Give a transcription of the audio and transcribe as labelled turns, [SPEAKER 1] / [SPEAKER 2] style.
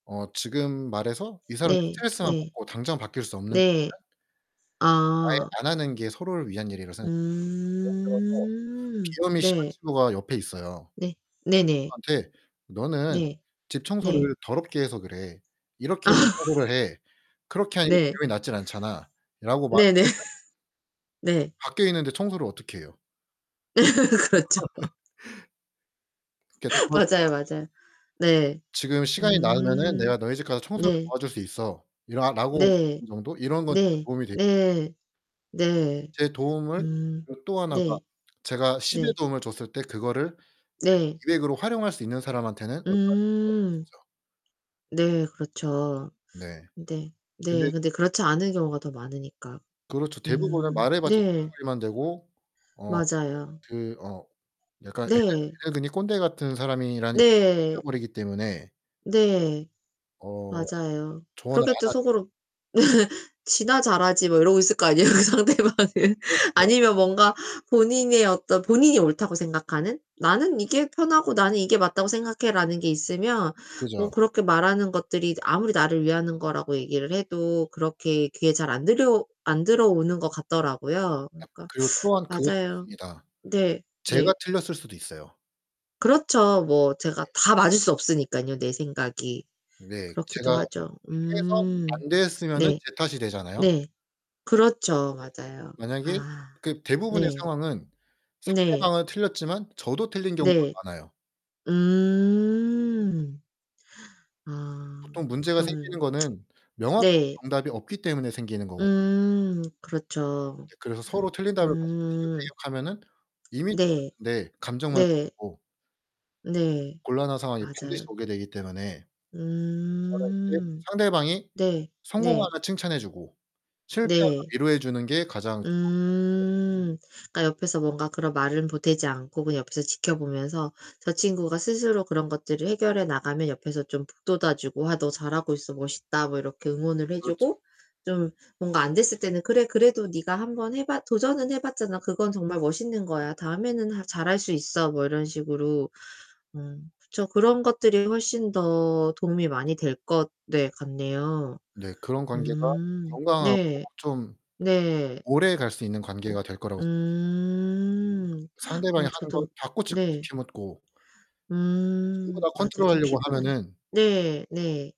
[SPEAKER 1] 어 지금 말해서 이 사람이
[SPEAKER 2] 네.
[SPEAKER 1] 스트레스만
[SPEAKER 2] 네.
[SPEAKER 1] 받고 당장 바뀔 수 없는
[SPEAKER 2] 네.
[SPEAKER 1] 것들은 아예
[SPEAKER 2] 아.
[SPEAKER 1] 안 하는 게 서로를 위한 일이라고 생각해요. 예를 들어서
[SPEAKER 2] 음.
[SPEAKER 1] 비염이 심한
[SPEAKER 2] 네.
[SPEAKER 1] 친구가 옆에 있어요.
[SPEAKER 2] 네. 네네.
[SPEAKER 1] 친구한테 "너는
[SPEAKER 2] 네.
[SPEAKER 1] 집
[SPEAKER 2] 네.
[SPEAKER 1] 청소를 더럽게 해서 그래. 이렇게 청소를 해. 그렇게 하니까
[SPEAKER 2] 네.
[SPEAKER 1] 비염이 낫지 않잖아."라고
[SPEAKER 2] 네네.
[SPEAKER 1] 말하면은
[SPEAKER 2] 네.
[SPEAKER 1] 밖에 있는데 청소를 어떻게 해요?
[SPEAKER 2] 그렇죠.
[SPEAKER 1] 그렇게 도와 줄
[SPEAKER 2] 맞아요,
[SPEAKER 1] 거면은
[SPEAKER 2] 맞아요. 네.
[SPEAKER 1] "지금 시간이 나면은
[SPEAKER 2] 음
[SPEAKER 1] 내가 너희 집 가서 청소를
[SPEAKER 2] 네.
[SPEAKER 1] 도와줄 수 있어."라 라고
[SPEAKER 2] 네.
[SPEAKER 1] 말하는 정도 이런 건 진짜
[SPEAKER 2] 네.
[SPEAKER 1] 도움이 되
[SPEAKER 2] 예예예. 네.
[SPEAKER 1] 제 도움을
[SPEAKER 2] 음.
[SPEAKER 1] 그리고 또 하나가
[SPEAKER 2] 네.
[SPEAKER 1] 제가 10의
[SPEAKER 2] 네.
[SPEAKER 1] 도움을 줬을 때 그거를
[SPEAKER 2] 네.
[SPEAKER 1] 100, 200으로 활용할 수 있는 사람한테는 얼마든지 도와주고
[SPEAKER 2] 음.
[SPEAKER 1] 싶죠.
[SPEAKER 2] 네 그렇죠.
[SPEAKER 1] 네.
[SPEAKER 2] 근데
[SPEAKER 1] 근데
[SPEAKER 2] 네 근데 그렇지 않은 경우가 더 많으니까.
[SPEAKER 1] 그렇죠. 대부분은
[SPEAKER 2] 음
[SPEAKER 1] 말해 봤자
[SPEAKER 2] 네.
[SPEAKER 1] 잔소리만 되고 어
[SPEAKER 2] 맞아요.
[SPEAKER 1] 그 어 약간
[SPEAKER 2] 네.
[SPEAKER 1] 애늙은이 꼰대 같은 사람이란 이미지가
[SPEAKER 2] 네.
[SPEAKER 1] 생겨버리기 때문에
[SPEAKER 2] 네.
[SPEAKER 1] 어
[SPEAKER 2] 맞아요.
[SPEAKER 1] 조언을
[SPEAKER 2] 그렇게 또
[SPEAKER 1] 안 하죠.
[SPEAKER 2] 속으로 "지나 잘하지." 뭐 이러고 있을 거 아니에요. 그 상대방은.
[SPEAKER 1] 그렇죠.
[SPEAKER 2] 아니면 뭔가 본인의 어떤 본인이 옳다고 생각하는 '나는 이게 편하고 나는 이게 맞다고 생각해.'라는 게 있으면 뭐
[SPEAKER 1] 그죠.
[SPEAKER 2] 그렇게 말하는 것들이 아무리 나를 위하는 거라고 얘기를 해도 그렇게 귀에 잘 안 들려 안 들어오는 것 같더라고요.
[SPEAKER 1] 아
[SPEAKER 2] 그러니까
[SPEAKER 1] 그리고 또한 그것도
[SPEAKER 2] 맞아요.
[SPEAKER 1] 있습니다.
[SPEAKER 2] 네. 네.
[SPEAKER 1] 제가 틀렸을 수도 있어요.
[SPEAKER 2] 그렇죠. 뭐 제가
[SPEAKER 1] 네.
[SPEAKER 2] 다 맞을 수 없으니깐요, 내 생각이.
[SPEAKER 1] 네. 제가
[SPEAKER 2] 그렇기도
[SPEAKER 1] [unintelligible]
[SPEAKER 2] 하죠.
[SPEAKER 1] 해서
[SPEAKER 2] 음.
[SPEAKER 1] 안 됐으면은
[SPEAKER 2] 네.
[SPEAKER 1] 제 탓이 되잖아요.
[SPEAKER 2] 네. 그렇죠.
[SPEAKER 1] [unintelligible]
[SPEAKER 2] 맞아요.
[SPEAKER 1] 만약에
[SPEAKER 2] 아
[SPEAKER 1] 그 대부분의
[SPEAKER 2] 네.
[SPEAKER 1] 상황은
[SPEAKER 2] 네.
[SPEAKER 1] 상대방은 틀렸지만 저도 틀린 경우가
[SPEAKER 2] 네.
[SPEAKER 1] 많아요.
[SPEAKER 2] 음. 아
[SPEAKER 1] 보통 문제가 생기는
[SPEAKER 2] 그러면
[SPEAKER 1] 거는 명확한
[SPEAKER 2] 네.
[SPEAKER 1] 정답이 없기 때문에 생기는 거거
[SPEAKER 2] 음 그렇죠.
[SPEAKER 1] 예 그래서 서로 틀린 답을 가지고
[SPEAKER 2] 음.
[SPEAKER 1] 티격태격하면은 이미 [unintelligible]
[SPEAKER 2] 네.
[SPEAKER 1] 네. 감정만
[SPEAKER 2] 네.
[SPEAKER 1] 상하고
[SPEAKER 2] 네.
[SPEAKER 1] 곤란한 상황이 반드시
[SPEAKER 2] 맞아요.
[SPEAKER 1] 오게 되기 때문에 저는 이제
[SPEAKER 2] 음.
[SPEAKER 1] 상대방이
[SPEAKER 2] 네. 네.
[SPEAKER 1] 성공하면 칭찬해 주고 실패하면
[SPEAKER 2] 네.
[SPEAKER 1] 위로해 주는 게 가장 좋은 방법이라 생각해요.
[SPEAKER 2] 음. 그러니까 옆에서 뭔가 그런 말은 보태지 않고 그냥 옆에서 지켜 보면서 저 친구가 스스로 그런 것들을 해결해 나가면 옆에서 좀 북돋아 주고 "아 너 잘하고 있어. 멋있다." 뭐 이렇게 응원을 해
[SPEAKER 1] 그렇죠.
[SPEAKER 2] 주고 좀 뭔가 안 됐을 때는 "그래 그래도 네가 1 번 해 봤 도전은 해 봤잖아. 그건 정말 멋있는 거야. 다음에는 하 잘할 수 있어." 뭐 이런 식으로. 음. 그쵸. 그런 것들이 훨씬 더 도움이 많이 될 것 네. 같네요.
[SPEAKER 1] 네, 그런 관계가
[SPEAKER 2] 음.
[SPEAKER 1] 건강하고
[SPEAKER 2] 네.
[SPEAKER 1] 좀
[SPEAKER 2] 네.
[SPEAKER 1] 오래갈 수 있는 관계가 될 거라고 생각해요.
[SPEAKER 2] 음.
[SPEAKER 1] 상대방이
[SPEAKER 2] 어
[SPEAKER 1] 하는 거
[SPEAKER 2] 저도
[SPEAKER 1] 다 꼬치꼬치
[SPEAKER 2] 네.
[SPEAKER 1] 캐묻고 전부
[SPEAKER 2] 음
[SPEAKER 1] 다
[SPEAKER 2] 맞아요. 좀
[SPEAKER 1] 컨트롤하려고
[SPEAKER 2] 피곤하죠.
[SPEAKER 1] 하면은
[SPEAKER 2] 네. 네.